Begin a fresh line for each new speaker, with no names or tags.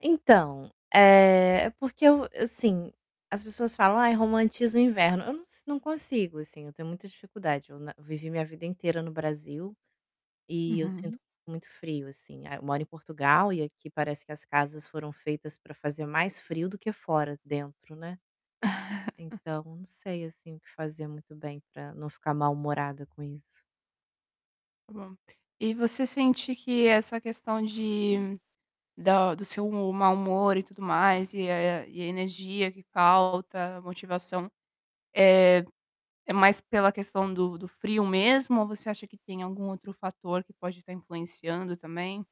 Então, eh, é porque eu eu, sim, as pessoas falam: "Ai, romantiza o inverno". Eu não sin não consigo assim, eu tenho muita dificuldade. Eu na eu vivi minha vida inteira no Brasil, e eu sinto
Uhum.
muito frio, assim. A eu moro em Portugal e aqui parece que as casas foram feitas pra fazer mais frio do que fora, dentro, né. Então, não sei, assim, o que fazer muito bem para não ficar mal-humorada com isso.
Tá bom. E você sente que essa questão de da do seu humo mau humor e tudo mais e a e a energia que falta, a motivação, eh, é mais pela questão do do frio mesmo ou você acha que tem algum outro fator que pode estar influenciando também?